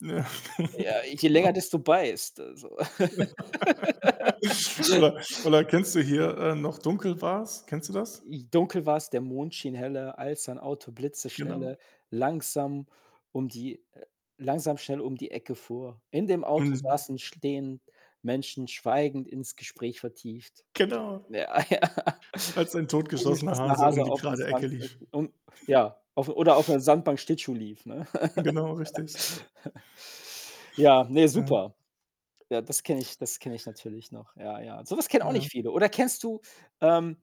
Ja, Ja, je länger genau. desto beißt, also. Oder oder kennst du hier, äh: „Noch dunkel war's.“ Kennst du das? J „Dunkel war's, der Mond schien heller, als ein Auto Genau. blitzeschnelle, langsam um die langsam schnell um die Ecke fuhr. In dem Auto Und saßen, stehend Menschen schweigend ins Gespräch vertieft.“ Genau. Ja, ja. „Als ein totgeschossener Totgeschossener Hase Hase um die aufm gerade Ecke lief.“ [unintelligible] um ja, auf oder auf 'ner Sandbank Schlittschuh lief, ne? Genau, richtig. Ja, ne, Ja. super. Ja, das kenne ich das kenne ich natürlich noch. Ja, ja, so was kennen auch Ja. nicht viele. Oder kennst du, ähm,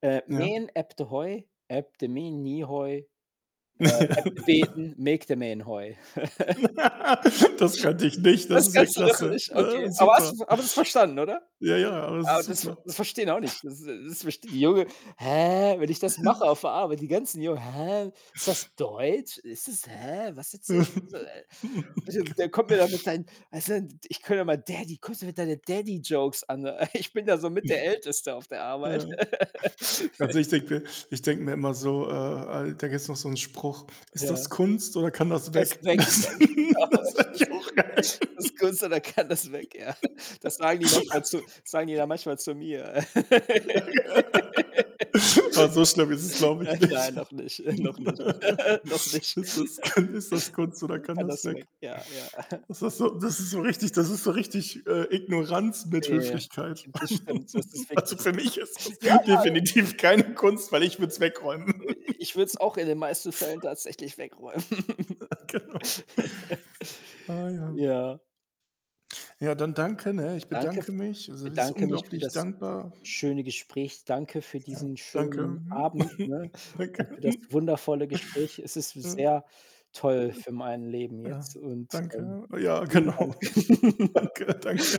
äh: Ja. „Mien even Heu, even mien nieg Heu, äh, even beten, maakt dat mien Heu.“? Das kannte ich nicht. Das Das ist ja kannst du doch klasse. nicht okay. Ne, Aber hast super. du aber du hast es verstanden, oder? Ja, ja, aber das Ah, ist das ver super. das verstehen auch nicht das s das verstehen die Jungen: „Hä?“ Wenn ich das mache auf der Arbeit, die ganzen Jungen: „Hä? Ist das Deutsch? Ist das, hä was erzählst du?“, so äh, so? Der kommt mir da mit seinen weißt du, d ich [unintelligible] höre immer: „Daddy, kommst hier mit deinen Daddy-Jokes an“, ich bin da so mit der Älteste auf der Arbeit. Ja. Also, ich denke mir ich denke mir immer so, äh, al da gibt's noch so 'n Spruch: „Ist das Ja. Kunst oder kann das Erst weg?“ weg. Ja Das genau, ist ist das eigentlich ku auch geil. ist das Kunst oder kann das weg, ja. Das sagen die manchmal zu das sagen die dann manchmal zu mir. Ja. Aber so schlimm ist es, glaube ich, Nein nicht. nein noch nicht, noch nicht, noch nicht. „Ist das ist das Kunst oder [unintelligible] kann Kann das das weg. weg?“ Ja, ja. Das ist so das ist so richtig das ist so richtig, äh, Ignoranz mit Okay, ja, Höflichkeit. das stimmt. Das ist Also, wirklich für so. mich ist Ja. das definitiv keine Kunst, weil ich würde es wegräumen. Äh, ich würde es auch in den meisten Fällen tatsächlich wegräumen. Ja, genau. Ah, ja. Ja. Ja, dann danke, ne? Ich Danke f bedanke mich. Also, es ist bedanke mich für unglaublich das dankbar. schöne Gespräch. Danke für Ja, diesen schönen danke. Abend, ne, und für Danke. das wundervolle Gespräch. Es ist Ja. sehr toll für mein Leben Ja, jetzt und, ähm, danke. Ja, vielen Dank. genau. Danke, danke.